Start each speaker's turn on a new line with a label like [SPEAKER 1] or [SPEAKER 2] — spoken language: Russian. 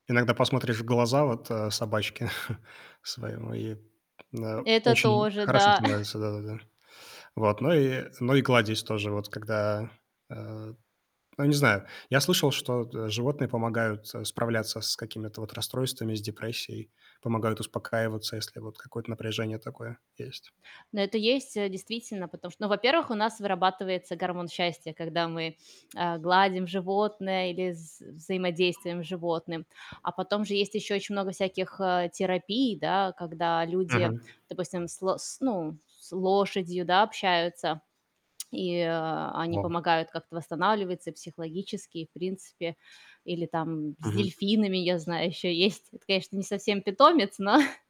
[SPEAKER 1] Иногда посмотришь в глаза вот, э, собачке своему, и, да,
[SPEAKER 2] Это
[SPEAKER 1] очень
[SPEAKER 2] тоже,
[SPEAKER 1] хорошо
[SPEAKER 2] да.
[SPEAKER 1] становится, да-да-да. Вот, но и но и кладезь тоже вот, когда, э Ну я не знаю, я слышал, что от, э, животные помогают, э, справляться с какими-то вот расстройствами, с депрессией, помогают успокаиваться, если вот какое-то напряжение такое есть.
[SPEAKER 2] Ну это есть, э, действительно, потому что Ну во-первых, у нас вырабатывается гормон счастья, когда мы, э, гладим животное или вз взаимодействуем с животным. А потом же есть ещё очень много всяких, э, терапий, да. Когда люди,
[SPEAKER 1] Мгм.
[SPEAKER 2] допустим, с лос с ну, с лошадью, да, общаются, и, э, они
[SPEAKER 1] Вау.
[SPEAKER 2] помогают как-то восстанавливаться и психологически, и в принципе. Или там с
[SPEAKER 1] Мгм.
[SPEAKER 2] дельфинами, я знаю ещё есть. Это, конечно, не совсем питомец, но